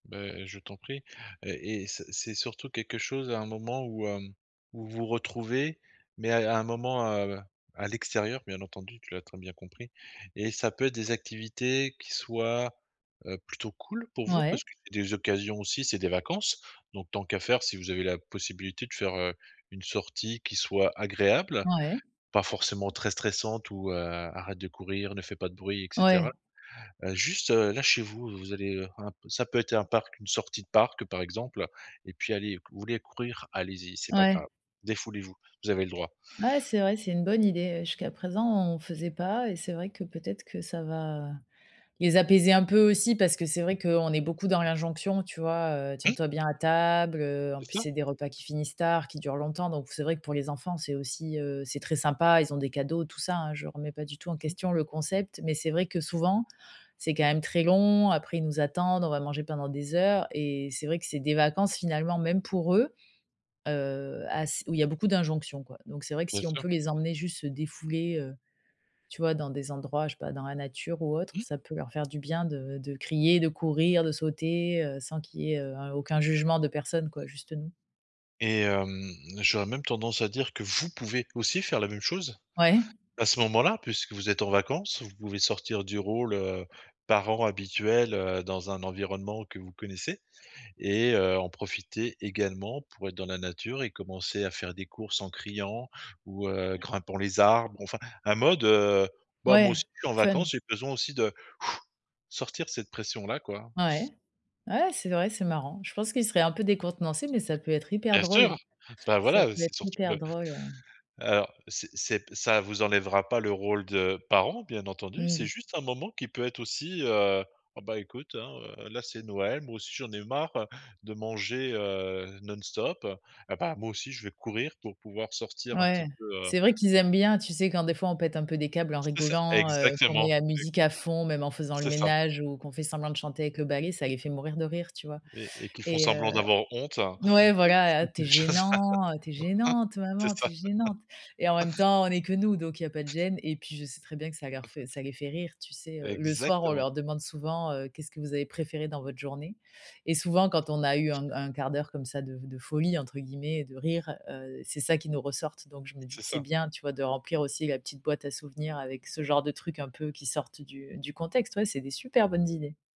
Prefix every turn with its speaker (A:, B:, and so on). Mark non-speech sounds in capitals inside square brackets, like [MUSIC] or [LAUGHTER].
A: Bah heu, je t'en prie et et c'est c'est surtout quelque chose à un moment où hem, où vous retrouvez, mais à à un moment, heu, à l'extérieur bien entendu, tu l'as très bien compris et ça peut être des activités qui soient, heu, plutôt cool pour vous.
B: Ouais.
A: Parce que, des occasions aussi c'est des vacances. Donc tant qu'à faire si vous avez la possibilité de faire, heu, une sortie qui soit agréable,
B: Ouais.
A: pas forcément très stressante ou: «Heu, arrête de courir, ne fait pas de bruit et cetera»
B: Ouais.
A: heu, juste là, chez vous, vous allez, heu, un p ça peut être un parc, une sortie de parc par exemple, et puis: «Allez, vous voulez courir, allez-y, c'est pas
B: Ouais.
A: grave, défoulez vous, vous avez le droit».
B: Ouais, c'est vrai, c'est une bonne idée. Jusqu'à présent, on faisait pas et c'est vrai que peut-être que ça va les apaiser un peu aussi, parce que c'est vrai qu'on est beaucoup dans l'injonction. Tu vois: «Heu, tiens
A: Mmh.
B: toi bien à table», heu, en
A: C'est
B: plus,
A: ça!
B: c'est des repas qui finissent tard, qui durent longtemps. Donc c'est vrai que pour les enfants, c'est aussi heu, c'est très sympa. Ils ont des cadeaux, tout ça, hein. Je ne remets pas du tout en
A: Mmh.
B: question le concept mais c'est vrai que souvent, c'est quand même très long. Après, ils nous attendent, on va manger pendant des heures et c'est vrai que c'est des vacances finalement, même pour eux. Heu, ass où il y a beaucoup d'injonctions quoi. Donc c'est vrai que
A: Bien
B: si on
A: sûr.
B: peut les emmener juste se défouler, heu, tu vois dans des endroits, je sais pas, dans la nature ou autre.
A: Mmh.
B: Ça peut leur faire du bien de de crier, de courir, de sauter, heu, sans qu'il y ait, heu, un aucun jugement de personne quoi, juste nous.
A: Et hem, j'aurais même tendance à dire que vous pouvez aussi faire la même chose
B: Ouais.
A: à ce moment-là puisque vous êtes en vacances. Vous pouvez sortir du rôle, heu, parent habituel, heu, dans un environnement que vous connaissez et heu, en profiter également pour être dans la nature et commencer à faire des courses en criant. Ou, heu, grimpant les arbres enfin, un mode: «Heu, bah, moi
B: Ouais,
A: aussi je suis en vacances,
B: fun.
A: j'ai besoin aussi de, [BLOWS AIR] sortir cette pression là quoi».
B: Ouais, ouais, c'est vrai, c'est marrant. Je pense qu'il serait un peu décontenancé, mais ça peut être hyper
A: Bien
B: drôle.
A: sûr, bah
B: Ça
A: voilà,
B: peut
A: c'est
B: être
A: surtout,
B: hyper
A: bah,
B: drôle, heu
A: alors c'est c'est ça vous enlèvera pas le rôle de parents bien entendu. C'est
B: Mmh.
A: juste un moment qui peut être aussi: «Heu, oh bah, écoute, hein, heu, là c'est Noël, moi aussi j'en ai eu marre, heu, de manger, heu, non-stop, heu et bah, moi aussi je vais courir pour pouvoir sortir un
B: Ouais,
A: petit peu, heu»
B: c'est vrai qu'ils aiment bien. Tu sais, quand des fois, on pète un peu des câbles en
A: C'est ça,
B: rigolant, heu, qu'on met
A: exactement,
B: la
A: et
B: musique à fond, même en faisant le
A: C'est ça!
B: ménage ou qu'on fait semblant de chanter avec le balai, ça les fait mourir de rire, tu vois?
A: Et et qui font
B: Et
A: semblant
B: heu
A: d'avoir honte, heu,.
B: ouais, voilà.
A: [UNINTELLIGIBLE]
B: «Tu es gênant, heu, tu es
A: [LAUGHS]
B: gênante,
A: C'est
B: maman,
A: ça.
B: tu es gênante» et en même
A: [CHUCKLES]
B: temps, on est que nous, donc il y a pas de gêne et puis je sais très bien que ça leur
A: [CHUCKLES]
B: fait ça les fait rire. Tu sais, heu, le soir, on
A: Exactement.
B: leur demande souvent: «Heu, qu'est que vous avez préféré dans votre journée?» et souvent, quand on a eu un un quart d'heure comme ça «de de folie» entre guillemets de rire, heu, c'est ça qui nous ressortent. Donc je me dis
A: C'est
B: que c'est
A: ça.
B: bien, tu vois? De remplir aussi la petite boîte à souvenirs avec ce genre de trucs un peu qui sortent du du contexte, ouais. C'est des super bonnes idées.